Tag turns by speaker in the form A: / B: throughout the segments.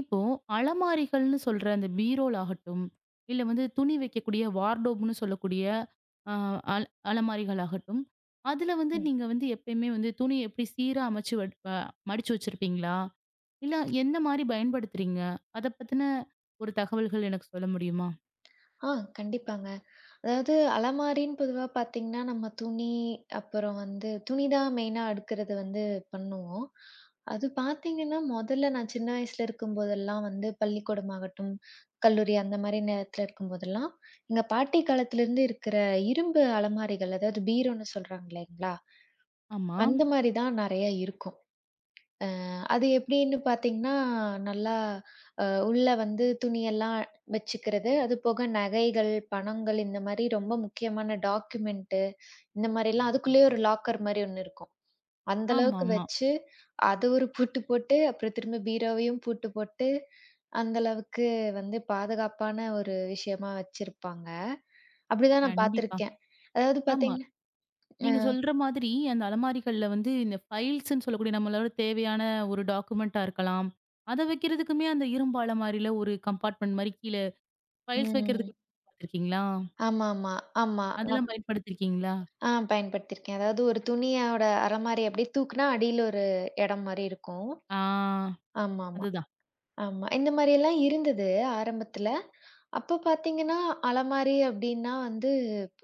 A: இப்போ அலமாரிகள்ன்னு சொல்ற அந்தப் பீரோல் ஆகட்டும். இல்ல வந்து துணி வைக்கக்கூடிய வார்ட்ரோப்ன்னு சொல்லக்கூடிய அ அலமாரிகள் ஆகட்டும். அதுல வந்து
B: ம்
A: நீங்க வந்து எப்பயுமே வந்து துணி எப்படி சீரா அமைச்சு வ மடிச்சு வச்சிருப்பீங்களா? இல்ல எந்த மாரி பயன்படுத்துறீங்க? அதைப் பத்தின ஒரு தகவல்கள் எனக்குச் சொல்ல முடியுமா?
B: ஆ கண்டிப்பாங்க. அதாவது அலமாரின் பொதுவா பார்த்தீங்கன்னா நம்ம துணி அப்புறம் வந்து துணிதான் மெயின்னா அடுக்குறது வந்து பண்ணுவோம். அது பார்த்தீங்கன்னா மொதல்ல நான் சின்ன வயசுல இருக்கும் போதெல்லாம் வந்து பள்ளிக்கூடம் ஆகட்டும், கல்லூரி அந்த மாரி நேரத்துல இருக்கும் போதெல்லாம், எங்க பாட்டி காலத்துல இருந்து இருக்கிற இரும்பு அலமாரிகள் அதாவது பீரோன்னு சொல்றாங்கள்ல,
A: ஆமா.
B: அந்த மாரிதான் நெறைய இருக்கும். ஆ அது எப்படின்னு பார்த்தீங்கன்னா நல்லா அ உள்ள வந்து துணி எல்லாம் வச்சுக்கிறது. அது போக நகைகள், பணங்கள் இந்த மாரி ரொம்ப முக்கியமான டாக்குமெண்ட் இந்த மாரில்லாம் அதுக்குள்ளேயே ஒரு லாக்கர் மாரி 1 இருக்கும். அந்த அளவுக்கு
A: ஆமாம்மா.
B: வச்சு அதை 1 பூட்டு போட்டு அப்புறம் திரும்ப பீரோவையும் பூட்டு போட்டு, அந்த அளவுக்கு வந்து பாதுகாப்பான ஒரு விஷயமா வச்சிருப்பாங்க. அப்படித்தான் நான்
A: கண்டிப்பா.
B: பார்த்திருக்கேன். அதாவது
A: ஆமா.
B: பார்த்தீங்கன்னா. அ.
A: நீங்க சொல்ற மாதிரி அந்த அலமாரிகள்ல வந்து இந்த ஃபைல்ஸ்ன்னு சொல்லக்கூடிய நம்மளோட தேவையான ஒரு டாக்குமெண்ட்ட இருக்கலாம். அதை வைக்கிறதுக்குமே அந்த இரும்பாலமாரி ஒரு கம்பார்ட்மென்ட் மாரி கீழே ஃபைல்ஸ்
B: ம்.
A: வைக்கிறதுக்கு. [unintelligible] பாத்திருக்கீங்களா?
B: ஆமாம்மா ஆமா.
A: அதெல்லாம் பயன்படுத்திருக்கீங்களா?
B: ஆ பயன்படுத்திருக்கேன். அதாவது ஒரு துணியோட அலமாரி அப்படியே தூக்குனா அடியில ஒரு எடம் மாரி இருக்கும்.
A: ஆ
B: ஆமாம்மா
A: அதுதான்.
B: ஆமா. இந்த மாரியெல்லாம் இருந்தது ஆரம்பத்துல. அப்பப் பார்த்தீங்கன்னா அலமாரி அப்படின்னா வந்து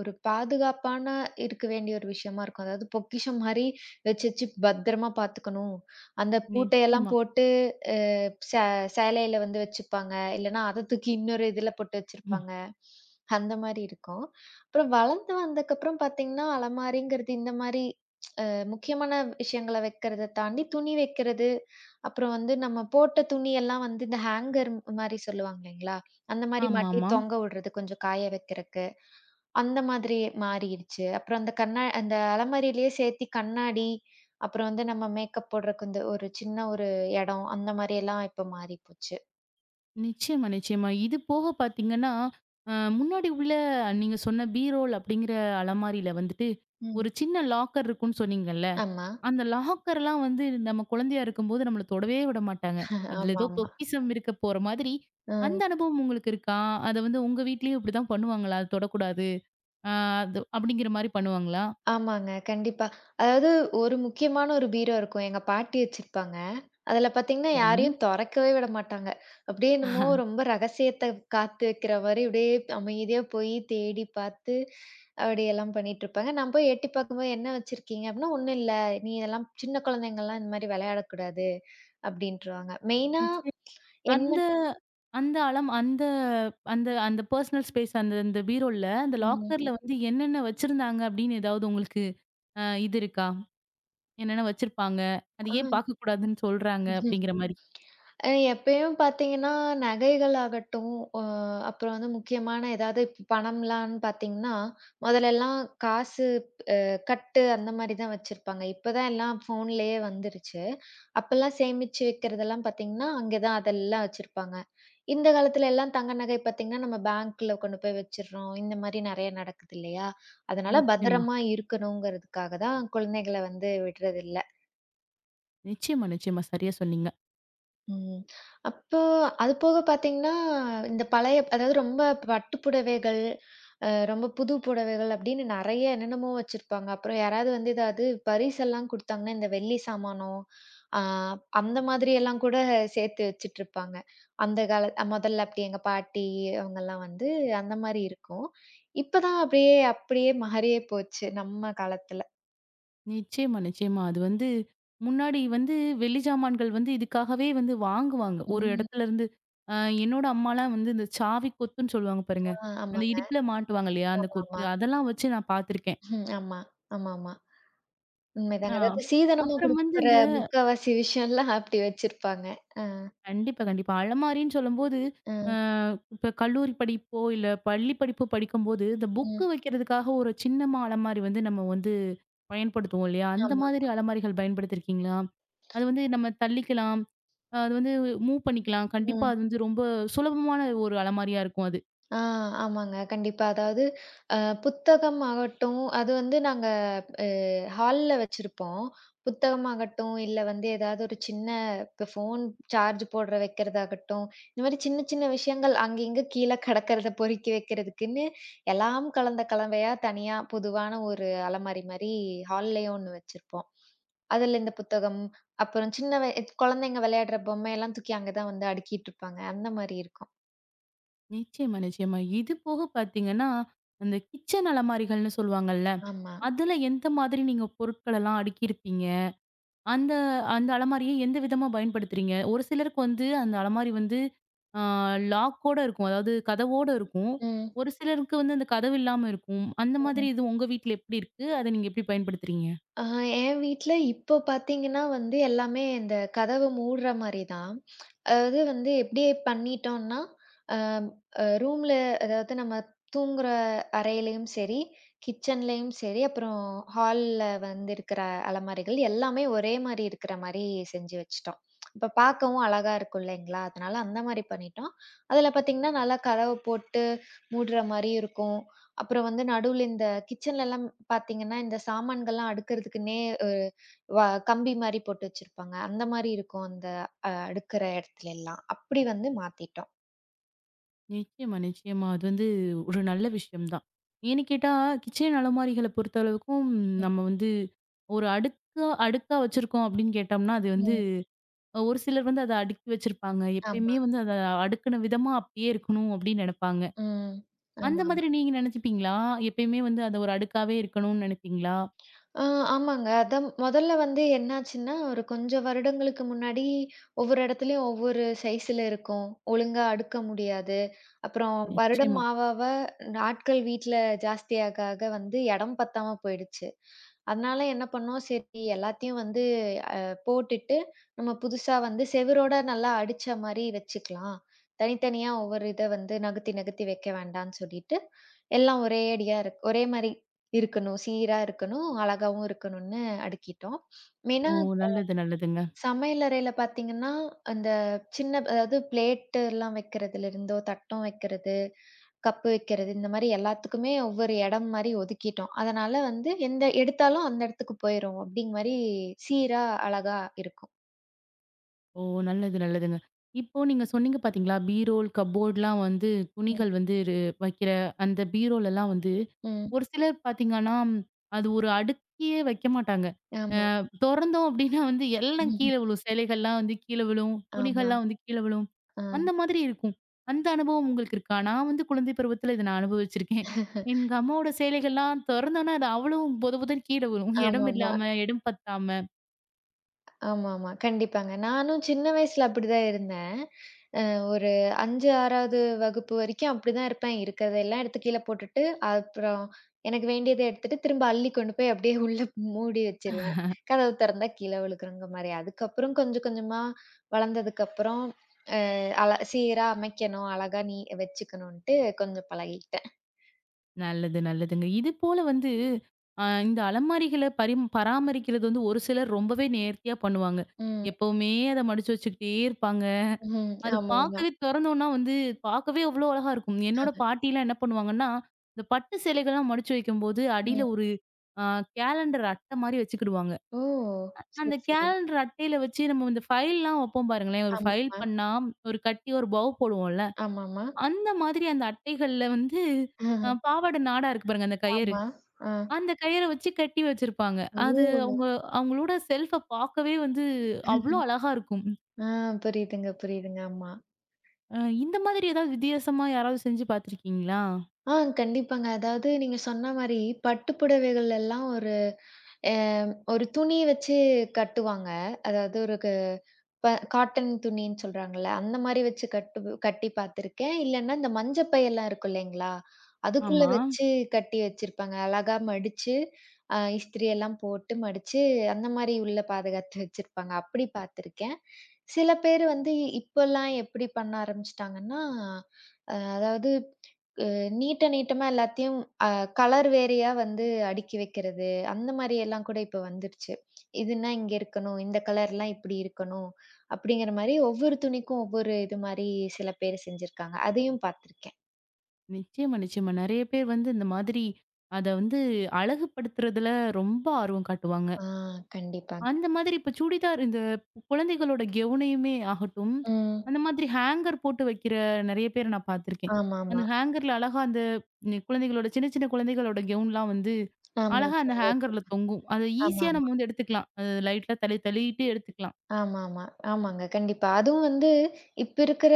B: ஒரு பாதுகாப்பான இருக்க வேண்டிய ஒரு விஷயமா இருக்கும். அதாவது பொக்கிஷம் மாரி வச்சு வச்சு பத்திரமா பாத்துக்கணும். அந்தப் பூட்டை எல்லாம்
A: நிச்சயமா.
B: போட்டு அ சே சேலையில வந்து வச்சிருப்பாங்க. இல்லைன்னா அதைத் தூக்கி இன்னொரு இதுல போட்டு
A: ம்.
B: வச்சிருப்பாங்க. அந்த மாரி இருக்கும். அப்புறம் வளர்ந்து வந்தக்கப்புறம் பார்த்தீங்கன்னா அலமாரிங்கறது இந்த மாரி முக்கியமான விஷயங்கள வைக்கிறதைத் தாண்டி துணி வைக்கிறது. அப்புறம் வந்து நம்ம போட்ட துணி எல்லாம் வந்து இந்த ஹேங்கர் மாரி சொல்லுவாங்கல்லைங்களா, அந்த மாரி மாட்டி
A: ஆமாம்மா.
B: தொங்க விடுறது கொஞ்சம் காய வைக்குறக்கு. அந்த மாதிரி மாறிடுச்சு. அப்புறம் அந்தக் கண்ணா அந்த அலமாரியிலேயே சேர்த்து கண்ணாடி அப்புறம் வந்து நம்ம மேக்கப் போடுறதுக்கு இந்த ஒரு சின்ன ஒரு எடம் அந்த மாரில்லாம் இப்ப மாறிப்போச்சு.
A: நிச்சயமா, நிச்சயமா. இது போகப் பார்த்தீங்கன்னா அ முன்னாடி உள்ள நீங்க சொன்ன பீரோ அப்படிங்கற அலமாரியில வந்துட்டு ஒரு
B: ம்.
A: சின்ன லாக்கர் இருக்கும்னு சொன்னீங்க இல்ல.
B: ஆமா
A: அந்த லாக்கர்ல்லாம் வந்து நம்ம குழந்தையா இருக்கும்போது நம்மள தொடவே விடமாட்டாங்க. அதுல ஏதோ
B: ஆமாம்மா.
A: பொக்கிஷம் இருக்கப்போற மாதிரி. அந்த
B: அ.
A: அனுபவம் உங்களுக்கு இருக்கா? அத வந்து உங்க வீட்லயும் இப்படித்தான் பண்ணுவாங்களா? அத தொடக் கூடாது அ அது அப்படிங்கற மாரி பண்ணுவாங்களா?
B: ஆமாங்க கண்டிப்பா. அதாவது ஒரு முக்கியமான ஒரு பீரோ இருக்கும். எங்க பாட்டி வச்சிருப்பாங்க. அதுல பார்த்தீங்கன்னா
A: சரி.
B: யாரையும் தொறக்கவே விடமாட்டாங்க. அப்படியே என்னவோ ரொம்ப ரகசியத்தை காத்து வைக்கிற மாரி அப்படியே அமைதியா போய் தேடிப் பார்த்து அப்படி எல்லாம் பண்ணிட்டு இருப்பாங்க. நான் போய் எட்டிப்பாக்கும்போது என்ன வச்சிருக்கீங்க அப்படின்னா, "ஒண்ணும் இல்ல. நீங்க இதல்லாம் சின்னக் குழந்தைங்கல்லாம் இந்த மாரி வெளையாடக் கூடாது" அப்படின்றுவாங்க. மெயின்னா
A: நிச்சய
B: என்ன
A: அந்த அந்த அலம் அந்த அந்த அந்த பர்சனல் ஸ்பேஸ் அந்த அந்த பீரோல்ல அந்த
B: ம்.
A: லாக்கர் வந்து என்னென்ன வச்சிருந்தாங்க அப்படின்னு ஏதாவது உங்களுக்கு இது இருக்கா? என்னென்ன வச்சிருப்பாங்க? அது ஏன்
B: அ.
A: பார்க்கக் கூடாதுன்னு சொல்றாங்க அப்படிங்கற மாரி.
B: அ எப்பயும் பார்த்தீங்கன்னா நகைகளாகட்டும், அ அப்புறம் வந்து முக்கியமான ஏதாவது பணம்லாம் பார்த்தீங்கன்னா, மொதல்லெல்லாம் காசு அ கட்டு அந்த மாதிரிதான் வச்சிருப்பாங்க. இப்ப தான் எல்லாம் ஃபோன்லயே வந்துருச்சு. அப்பல்லாம் சேமிச்சு வைக்கிறது எல்லாம் பார்த்தீங்கன்னா, அங்க தான் அதெல்லாம் வச்சிருப்பாங்க. இந்தக் காலத்துல எல்லாம் தங்க நகை பார்த்தீங்கன்னா நம்ம பேங்க்ல கொண்டு போய் வச்சிர்றோம். இந்த மாதிரி நெறைய நடக்குது இல்லையா? அதனால
A: நிச்சயமா.
B: பத்திரமா இருக்கணுங்குறதுக்காகதான் குழந்தைகளை வந்து விடுறது இல்ல.
A: நிச்சயமா, நிச்சயமா. சரியா சொன்னீங்க.
B: ம், அப்போ அது போகப் பாத்தீங்கன்னா, இந்தப் பழைய அதாவது ரொம்ப பட்டுப்புடவைகள், அ ரொம்ப புது புடவைகள் அப்பிடின்னு நறைய என்னென்னமோ வச்சிருப்பாங்க. அப்புறம் யாராவது வந்து எதாவது பரிசு எல்லாம் கொடுத்தாங்கன்னா, இந்த வெள்ளிச் சாமானோ! ஆ, அந்த மாதிரி எல்லாம் கூடச் சேர்த்து வச்சிட்டு இருப்பாங்க. அந்தக் கால அ முதல்ல அப்பிடி எங்க பாட்டி அவுங்கள்லாம் வந்து அந்தமாரி இருக்கும். இப்ப தான் அப்பிடியே, அப்பிடியே மாறியே போச்சு நம்ம காலத்துல.
A: நிச்சயமா, நிச்சயமா. அது வந்து முன்னாடி வந்து வெள்ளிச் சாமான்கள் வந்து இதுக்காகவே வந்து வாங்குவாங்க. ஒரு
B: ம்.
A: இடத்துல இருந்து அ என்னோட அம்மாலாம் வந்து இந்தச் சாவி கொத்துன்னு சொல்லுவாங்க பாருங்க.
B: அ
A: அந்த
B: ஆமாங்க,
A: இடுப்புல மாட்டுவாங்க இல்லயா! அந்தக் கொத்து
B: ஆமாமா.
A: அதெல்லாம் வச்சு நான் பாத்திருக்கேன்.
B: ஆமா, ஆமாமா,
A: ஆ,
B: உண்மைதாங்க. அதாவது சீதனமா
A: அப்புறம் வந்து
B: குடுக்கற
A: இந்த
B: 3/4 விஷயம் எல்லாம் அப்பிடி வச்சிருப்பாங்க.
A: கண்டிப்பா, கண்டிப்பா. அலமாரின்னு சொல்லும்போது அ
B: அ.
A: இப்ப கல்லூரி படிப்போ, இல்ல பள்ளிப்படிப்போ படிக்கும்போது இந்த புக்
B: ம்.
A: வைக்கறதுக்காக ஒரு சின்னமா அலமாரி வந்து நம்ம வந்து பயன்படுத்துவோம் இல்லயா! அந்த மாதிரி
B: ஆமாமா.
A: அலமாரிகள் பயன்படுத்தி இருக்கீங்களா? அது வந்து நம்ம தள்ளிக்கலாம். அது வந்து மூவ் பண்ணிக்கலாம். கண்டிப்பா
B: ம்.
A: அது வந்து ரொம்ப சுலபமான ஒரு அலமாரியா இருக்கும் அது.
B: ஆ, ஆமாங்க, கண்டிப்பா, அதாவது அ புத்தகம் ஆகட்டும், அது வந்து நாங்க அ ஹால்ல வச்சிருப்போம். புத்தகம் ஆகட்டும், இல்ல வந்து எதாவது ஒரு சின்ன இப்ப ஃபோன் சார்ஜ் போடுறத வைக்கிறதாகட்டும், இந்தமாரி சின்ன, சின்ன விஷயங்கள் அங்கங்க கீழ கிடக்கிறத பொறிக்கி வைக்கிறதுக்குன்னு எல்லாம் கலந்த கலவையா தனியா புதுவான ஒரு அலமாரிமாரி ஹால்லயும் 1 வச்சிருப்போம். அதுல இந்தப் புத்தகம், அப்புறம் சின்ன வ குழந்தைங்க விளையாடுற பொம்மை எல்லாம் தூக்கி அங்க தான் வந்து அடுக்கிட்டு இருப்பாங்க. அந்தமாரி இருக்கும்.
A: நிச்சியமா, நிச்சியமா. இது போகப் பாத்தீங்கன்னா அந்தக் கிச்சன் அலமாரிகள்னு சொல்லுவாங்கல்ல.
B: ஆமா.
A: அதுல எந்த மாதிரி நீங்கப் பொருட்களலாம் அடுக்கிருப்பீங்க. அந்த அந்த அலமாரியை எந்த விதமா பயன்படுத்துறீங்க. ஒரு சிலருக்கு வந்து அந்த அலமாரி வந்து அ லாக் ஓட இருக்கும். அதாவது கதவோட இருக்கும்.
B: ம்.
A: ஒரு சிலருக்கு வந்து அந்தக் கதவு இல்லாம இருக்கும். அந்த மாதிரி
B: ம்.
A: இது உங்க வீட்ல எப்டி இருக்கு? அத நீங்க எப்டி பயன்படுத்துறீங்க?
B: அ என் வீட்ல இப்ப பாத்தீங்கன்னா, வந்து எல்லாமே இந்தக் கதவு மூடுற மாரி தான். அதாவது வந்து எப்டி பண்ணிட்டோன்னா, அம் ரூம்ல அதாவது நம்ம தூங்குற அறையிலயும் சரி, கிச்சன்லயும் சரி, அப்புறம் ஹால்ல வந்து இருக்கற அலமாரிகள் எல்லாமே ஒரே மாரி இருக்குற மாரி செஞ்சு வச்சிட்டோம். அப்பப் பாக்கவும் அழகா இருக்கும் இல்லீங்களா? அதனால அந்த மாரி பண்ணிட்டோம். அதுல பாத்தீங்கன்னா நல்லா கதவு போட்டு மூடுற மாரியும் இருக்கும். அப்புறம் வந்து நடுல இந்த கிச்சன்லலாம் பாத்தீங்கன்னா இந்தச் சாமான்கள்லாம் அடுக்கறதுக்குன்னே ஒரு வ கம்பி மாரி போட்டு வச்சிருப்பாங்க. அந்த மாரி இருக்கும் அந்த அடுக்குற இடத்துலலாம். அப்டி வந்து மாத்திட்டோம்.
A: நிச்சியமா, நிச்சியமா அது வந்து ஒரு நல்ல விஷயம்தான். ஏன்னுக் கேட்டா கிச்சன் அலமாரிகளப் பொறுத்த அளவுக்கும்
B: ம்.
A: நம்ம வந்து ஒரு அடுக்கா அடுக்கா வச்சிருக்கோம் அப்டின்னு கேட்டோம்னா அது வந்து
B: ம்.
A: அ ஒரு சிலர் வந்து அத அடுக்கி வச்சிருப்பாங்க.
B: ஆமா.
A: எப்பையுமே வந்து அத அடுக்குன விதமா அப்டியே இருக்கணும் அப்டின்னு நெனைப்பாங்க.
B: ம்,
A: அந்த
B: ஆமாமா.
A: மாதிரி நீங்க நெனைச்சுப்பீங்களா? எப்பையுமே வந்து அது ஒரு அடுக்காவே இருக்கணும்னு நெனைப்பீங்களா?
B: ஆ ஆமாங்க. அது முதல்ல வந்து என்ன ஆச்சுன்னா ஒரு கொஞ்சம் வருடங்களுக்கு முன்னாடி ஒவ்வொரு இடத்திலயும் ஒவ்வொரு சைஸ்ல இருக்கும். ஒழுங்கா அடுக்க முடியாது. அப்புறம் வருடம்
A: நிச்சியமா.
B: ஆவ ஆவ ஆட்கள் வீட்ல ஜாஸ்தியா ஆக ஆக வந்து இடம் பத்தாம போயிடுச்சு. அதனால என்ன பண்ணோம், சரி எல்லாத்தையும் வந்து அ போட்டுட்டு நம்ம புதுசா வந்து சுவரோட நல்லா அடிச்ச மாரி வச்சுக்கலாம். தனித்தனியா ஒவ்வொரு இத வந்து நகர்த்தி நகர்த்தி வைக்க வேண்டாம்னு சொல்லிட்டு எல்லாம் ஒரே அடியா ஒரே மாரி இருக்கணும், சீரா இருக்கணும், அழகாவும் இருக்கணும்னு அடுக்கிட்டோம். ஏன்னா
A: ஓ
B: இப்ப
A: நல்லது, நல்லதுங்க.
B: சமையல் அறையில பாத்தீங்கன்னா அந்தச் சின்ன அதாவது பிளேட் எல்லாம் வைக்கிறதுல இருந்தோ தட்டும் வைக்கிறது, கப் வைக்கிறது இந்த மாரி எல்லாத்துக்குமே ஒவ்வொரு இடம் மாரி ஒதுக்கிட்டோம். அதனால வந்து எந்த எடுத்தாலும் அந்த இடத்துக்குப் போயிருவோம் அப்டிங்க மாரி சீரா, அழகா இருக்கும்.
A: ஓ நல்லது, நல்லதுங்க. இப்போ நீங்கச் சொன்னீங்க பாத்தீங்களா? பீரோல், கப்போர்ட்லாம் வந்து
B: ம்.
A: துணிகள் வந்து ரு வைக்கிற அந்த பீரோல்லாம் வந்து
B: ம்.
A: ஒரு சிலர் பாத்தீங்கன்னா, அது ஒரு அடுக்கியே வைக்க மாட்டாங்க.
B: ஆமா.
A: அ தொறந்தோம் அப்டின்னா வந்து எல்லாம்
B: ம்ஹும்.
A: கீழே விழும். சேலைகள்லாம் வந்து கீழ விழும்.
B: ஆமா,
A: துணிகள்லாம் வந்து கீழ விழும்.
B: ஆ.
A: அந்த மாதிரி இருக்கும். அந்த அனுபவம் உங்களுக்கு இருக்கா? நான் வந்து குழந்தை பருவத்துல இத நான் அனுபவிச்சிருக்கேன். எங்க அம்மாவோட சேலைகள்லாம் தொறந்தோம்னா அது அவ்வளவும் பொத பொதன் கீழே விழும். இடம்
B: ஆமாமா.
A: இல்லாம, இடம் பத்தாம.
B: ஆமாமா. கண்டிப்பாங்க. நானும் சின்ன வயதில் அப்படித்தான் இருந்தேன். அ ஒரு 5 6வது வகுப்பு வரைக்கும் அப்படித்தான் இருப்பேன். இருக்கிறதெல்லாம் எடுத்துக் கீழே போட்டுட்டு அப்புறம் எனக்கு வேண்டியதை எடுத்துட்டு திரும்ப அள்ளி கொண்டு போய் அப்படியே உள்ளே மூடி வைச்சிருவேன். கதவைத் திறந்தால் கீழே விழுகும் என்கிற மாதிரி. அதுக்கப்புறம் கொஞ்சம் கொஞ்சமாக வளர்ந்ததுக்கப்புறம் ஆ, அழ சீராக அமைக்கவேண்டும், அழகாக நீ வைச்சுக்கவேண்டும் என்றுட்டு கொஞ்சம் பழகிட்டேன்.
A: நல்லது, நல்லதுங்க. இது போல வந்து அ இந்த அலமாரிகளைப் பரி பராமரிக்கிறது வந்து ஒரு சிலர் ரொம்பவே நேர்த்தியாக பண்ணுவாங்க.
B: ம்.
A: எப்பவுமே அதை மடிச்சு வைச்சுக்கிட்டே இருப்பாங்க.
B: ம்.
A: அது
B: ஆமாமா.
A: பார்க்கவே திறந்தோம் என்றால் வந்து பார்க்கவே அவ்வளவு அழகாக இருக்கும். என்னோட
B: [unintelligible]
A: பாட்டி எல்லாம் என்ன பண்ணுவாங்க என்றால், இந்த பட்டு சேலைகள் எல்லாம் மடிச்சு வைக்கும்போது அடியில்
B: ம்.
A: ஒரு ஆ கேலண்டர் அட்டை மாதிரி வைச்சுக்கிடுவாங்க.
B: ஓ! சரி,
A: அந்த
B: சரி.
A: கேலண்டர் அட்டையில் வைச்சு நாம் இந்த ஃபைல் எல்லாம் வைப்போம் பாருங்களேன். ஒரு
B: ஆம்
A: ஃபைல்
B: மா.
A: பண்ணினா ஒரு கட்டி ஒரு பவ் போடுவோம் இல்லை.
B: ஆமாமா.
A: அந்த மாதிரி அந்த அட்டைகளில் வந்து பாவாடை நாடா இருக்கு பாருங்க அந்தக் கயிறு.
B: ஆமா. அ.
A: அந்தக் கயிறு வைச்சு கட்டி வைச்சிருப்பாங்க. அது
B: ஓ!
A: அவங்க, அவங்களோட செல்ஃப் அ பார்க்கவே வந்து அவ்வளவு அழகாக இருக்கும்.
B: ஆ, புரியுதுங்க, புரியுதுங்க ஆமா
A: அ இந்த மாதிரி ஏதாவது வித்தியாசமாக யாராவது செஞ்சு பார்த்திருக்கீங்களா?
B: ஆ, கண்டிப்பாங்க. அதாவது நீங்கச் சொன்ன மாதிரி பட்டுப் புடவைகளில் எல்லாம் ஒரு அ ஒரு துணி வைச்சு கட்டுவாங்க. அதாவது ஒரு க் ப காட்டன் துணி என்று சொல்றாங்க அல்ல. அந்த மாதிரி வைச்சு கட்டு கட்டிப் பார்த்திருக்கேன். இல்லன்னா அந்த மஞ்சள் பை எல்லாம் இருக்கும் இல்லீங்களா, அதுக்குள்ளே
A: ஆமா.
B: வைச்சு கட்டி வைச்சிருப்பாங்க. அழகாக மடிச்சு அ இஸ்திரி எல்லாம் போட்டு மடிச்சு அந்த மாதிரி உள்ளே பாதுகாத்து வைச்சிருப்பாங்க. அப்படி பார்த்திருக்கேன். சில பேர் வந்து இப்போ எல்லாம் எப்படி பண்ண ஆரம்பித்திட்டாங்க என்றால், அ அதாவது, அ நீட்ட நீட்டமாக எல்லாத்தையும் அ கலர் வேறையாக வந்து அடுக்கி வைக்கிறது. அந்த மாதிரி எல்லாம் கூட இப்போ வந்துவிட்டுச்சு. இது என்றால் இங்கே இருக்கவேண்டும், இந்த கலர் எல்லாம் இப்படி இருக்கவேண்டும் அப்படின்கிற மாதிரி ஒவ்வொரு துணிக்கும் ஒவ்வொரு இது மாதிரி சில பேர் செஞ்சிருக்காங்க. அதையும் பார்த்திருக்கேன்.
A: நிச்சயமா, நிச்சயமா. நிறைய பேர் வந்து இந்த மாதிரி அத வந்து அழகுப்படுத்துறதுல ரொம்ப ஆர்வம் காட்டுவாங்க.
B: ஆ, கண்டிப்பாங்க.
A: அந்த மாதிரி இப்ப சுடிதார் இந்த குழந்தைகளோட கவுனயுமே ஆகட்டும்,
B: ம்.
A: அந்த மாதிரி ஹேங்கர் போட்டு வைக்கிற நிறைய பேர் நான் பாத்திருக்கேன்.
B: ஆமாமா.
A: அந்த ஹேங்கர்ல அழகா அந்த நி குழந்தைகளோட சின்ன சின்ன குழந்தைகளோட கவுன்லாம் வந்து
B: ஆமா
A: அழகா அந்த ஹேங்கர்ல தொங்கும்.
B: [unintelligible]
A: அத
B: ஆமா,
A: ஈசியா
B: ஆமா.
A: நம்ம வந்து எடுத்துக்கலாம். அத த லைட்டா தள்ளி, தள்ளிட்டு எடுத்துக்கலாம்.
B: ஆமா, ஆமா. ஆமாங்க. கண்டிப்பா. அதுவும் வந்து இப்ப இருக்கிற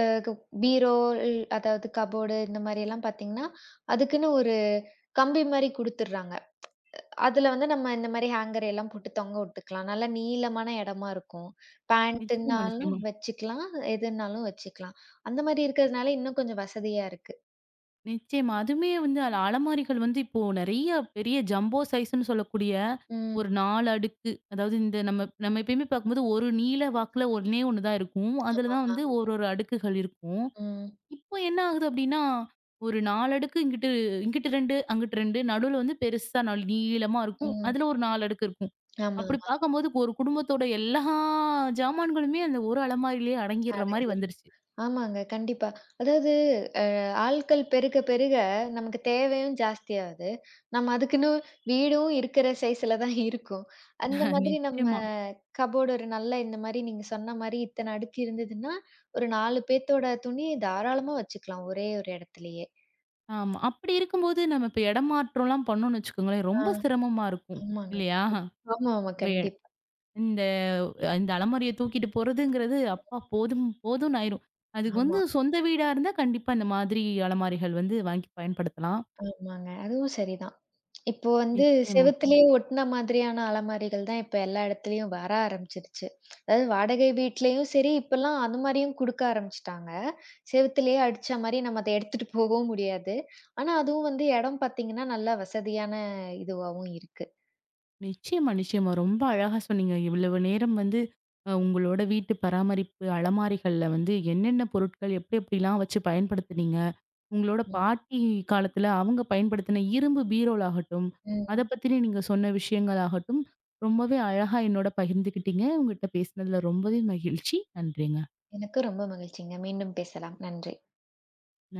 B: அ க பீரோல் அதாவது கபோர்டு இந்த மாதிரி எல்லாம் பார்த்தீங்கன்னா, அதுக்குன்னு ஒரு கம்பி மாதிரி கொடுத்துட்றாங்க. அதுல வந்து நம்ம இந்தமாரி ஹேங்கர் எல்லாம் போட்டுத் தொங்க விட்டுக்கலாம். நல்லா நீளமான இடமா இருக்கும்.
A: நிச்சயமா,
B: பேண்ட்டுனாலும்
A: நிச்சயமா.
B: வச்சுக்கலாம். எதுன்னாலும் வச்சுக்கலாம். அந்தமாரி இருக்கிறதுனால இன்னும் கொஞ்சம் வசதியா இருக்கு.
A: நிச்சயமா. அதுமே வந்து அ அலமாரிகள் வந்து இப்போ நிறைய பெரிய ஜம்போ சைஸ்ன்னு சொல்லக்கூடிய
B: ம்.
A: ஒரு 4 அடுக்கு அதாவது இந்த நம்ம, நம்ம எப்பயுமே பார்க்கும்போது ஒரு நீள வாக்குல ஒண்ணே 1 தான் இருக்கும்.
B: ஆமா,
A: அதுலதான்
B: ஆமா.
A: வந்து ஒரு ஒரு அடுக்குகள் இருக்கும்.
B: ம்.
A: இப்போ என்ன ஆகுது அப்பிடின்னா ஒரு 4 அடுக்கு இங்கிட்டு இங்கிட்டு 2, அங்கிட்டு 2 நடுவுல வந்து பெருசா நல் நீளமா இருக்கும்.
B: ம்.
A: அதுல ஒரு 4 அடுக்கு இருக்கும்.
B: ஆமா,
A: அப்பபிடி
B: ஆமா.
A: பார்க்கும்போது ஒரு குடும்பத்தோட எல்லா சாமான்களுமே அந்த ஒரு அலமாரியிலே
B: [unintelligible]
A: அடங்கிர்றமாரி
B: அடங்கிரும்.
A: வந்துருச்சு.
B: ஆமாங்க. கண்டிப்பா. அதாவது அ ஆட்கள் பெருக பெருக நமக்குத் தேவையும் ஜாஸ்தியாவுது. நம்ம அதுக்குன்னு வீடும் இருக்கிற சைஸ்ல தான் இருக்கும். அந்த மாதிரி நம்ம
A: நிச்சயமா.
B: கபோர்டு ஒரு நல்ல இந்தமாரி நீங்கச் சொன்னமாரி இத்தன அடுக்கு இருந்ததுன்னா, ஒரு 4 பேத்தோட துணி தாராளமா வச்சுக்கலாம். ஒரே ஒரு இடத்திலயே!
A: ஆமா. அப்பபிடி இருக்கும்போது நம்ம இப்ப இடம் மாற்றம்லாம் பண்ணோன்னு வச்சுக்கோங்களேன்!
B: ஆ,
A: ரொம்ப சிரம்மா இருக்கும்.
B: ஆமாங்க. [unintelligible]
A: இல்லயா!
B: ஆமா, ஆமா.
A: இப்ப
B: கண்டிப்பா.
A: இந்த, அ இந்த அலமாரிய தூக்கிட்டு போறதுங்கிறது அப்பா போதும் போதுன்னு ஆயிரும். அதுக்கு வந்து
B: ஆமா.
A: சொந்த வீடா இருந்தா கண்டிப்பா இந்தமாதிரி அலமாரிகள் வந்து வாங்கி பயன்படுத்தலாம்.
B: ஆமாங்க. அதுவும் சரிதான். இப்போ வந்து
A: நிச்சயமா.
B: செவத்துலயே ஒட்டுன மாதிரியான அலமாரிகள் தான் இப்ப எல்லா இடத்திலும் வர ஆரம்பிச்சுருச்சு. அதாவது வாடகை வீட்டிலேயும் சரி, இப்பல்லாம் அந்த மாதிரியும் குடுக்க ஆரம்பிச்சிட்டாங்க. செவத்துலயே அடிச்சாமாரி நம்ம அத எடுத்துட்டு போகவும் முடியாது. ஆனா அதுவும் வந்து இடம் பார்த்தீங்கன்னா நல்லா வசதியான இதுவாவும் இருக்கு.
A: நிச்சயமா, நிச்சயமா. ரொம்ப அழகா சொன்னீங்க. இவ்வளவு நேரம் வந்து அ உங்களோட வீட்டு பராமரிப்பு அலமாரிகள்ல வந்து என்னென்ன பொருட்கள் எப்பிடி, எப்பிடிலாம் வச்சு பயன்படுத்துனீங்க. உங்களோட
B: ம்.
A: பாட்டி காலத்துல அவுங்க பயன்படுத்தின இரும்பு பீரோல் ஆகட்டும்
B: ம்.
A: அதப் பத்தின நீங்கச் சொன்ன விஷயங்கள் ஆகட்டும் ரொம்பவே அழகா என்னோட பகிர்ந்துக்கிட்டீங்க. உங்கட்ட பேசினதுல ரொம்பவே மகிழ்ச்சி. நன்றிங்க.
B: எனக்கு ரொம்ப மகிழ்ச்சிங்க. மீண்டும் பேசலாம். நன்றி.
A: [unintelligible]